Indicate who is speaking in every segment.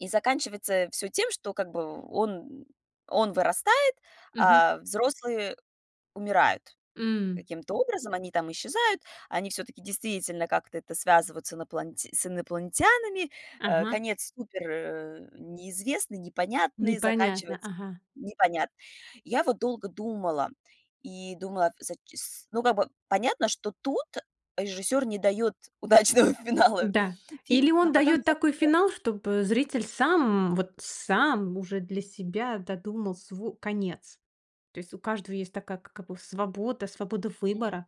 Speaker 1: И заканчивается всё тем, что, как бы, он он вырастает,
Speaker 2: Мгм.
Speaker 1: а взрослые умирают
Speaker 2: М.
Speaker 1: каким-то образом. Они там исчезают, они всё-таки действительно как-то это связывают с иноплан с инопланетянами. Э,
Speaker 2: Ага.
Speaker 1: конец супер, э, неизвестный, непонятный,
Speaker 2: Непонятно,
Speaker 1: заканчивается
Speaker 2: ага.
Speaker 1: непонятно. Я вот долго думала и думала в зач с ну, как бы, понятно, что тут режиссёр не даёт удачного финала,
Speaker 2: Н-да,
Speaker 1: фильм
Speaker 2: или
Speaker 1: но
Speaker 2: он
Speaker 1: потом
Speaker 2: даёт
Speaker 1: я, как
Speaker 2: такой
Speaker 1: бы
Speaker 2: финал, чтобы зритель сам, вот сам уже для себя додумал сво конец, то есть у каждого есть такая как бы свобода свобода
Speaker 1: Мгм.
Speaker 2: выбора.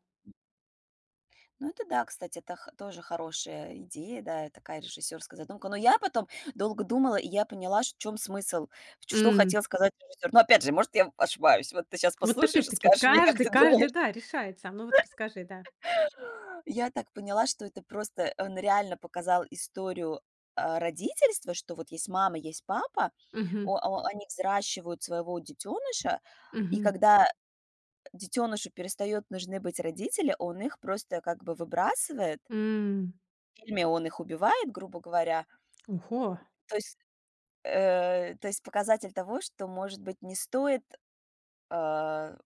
Speaker 1: Ну, это да, кстати, это х тоже хорошая идея, да, такая режиссерская задумка. Но я потом долго думала и я поняла ш в чем смысл, что хотел
Speaker 2: М.
Speaker 1: сказать режиссер. Но опять же, может, я ошибаюсь, вот ты щас
Speaker 2: Вот
Speaker 1: послушаешь и
Speaker 2: опять-таки
Speaker 1: скажешь мне, как
Speaker 2: каждый
Speaker 1: ты думаешь.
Speaker 2: каждый да решает сам. Ну, вот расскажи, да.
Speaker 1: Я так поняла, что это просто он реально показал историю, а, родительства, что вот есть мама, есть папа,
Speaker 2: Мгм.
Speaker 1: о о они взращивают своего детёныша, и,
Speaker 2: Мгм.
Speaker 1: когда, э, детёнышу перестаёт нужны быть родители, он их просто как бы выбрасывает.
Speaker 2: М.
Speaker 1: Или он их убивает, грубо говоря.
Speaker 2: У хо
Speaker 1: То есть, э то есть показатель того, что, может быть, не стоит, а,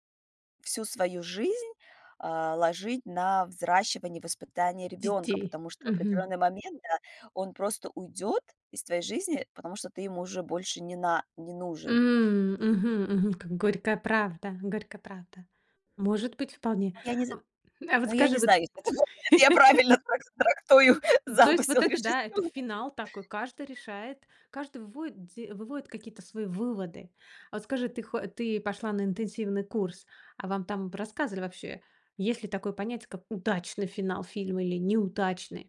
Speaker 1: всю свою жизнь, а, ложить на взращивание, воспитание ребёнка,
Speaker 2: Детей.
Speaker 1: потому что в
Speaker 2: Мгм.
Speaker 1: определённый момент, да, он просто уйдёт из твоей жизни, потому что ты ему уже больше не на не нужен.
Speaker 2: М, мгм, мгм. Как горькая правда, горькая правда, может быть вполне.
Speaker 1: Ну, я не з
Speaker 2: Ам, а вот
Speaker 1: ну, я
Speaker 2: скажи,
Speaker 1: не
Speaker 2: вот
Speaker 1: знаю, если это я правильно трак трактую
Speaker 2: То есть,
Speaker 1: замысел
Speaker 2: вот это да, это
Speaker 1: режиссёра.
Speaker 2: финал такой, каждый решает, каждый выводит де выводит какие-то свои выводы. А вот скажи, ты хо ты пошла на интенсивный курс, а вам там рассказывали вообще, есть ли такое понятие, как удачный финал фильма или неудачный?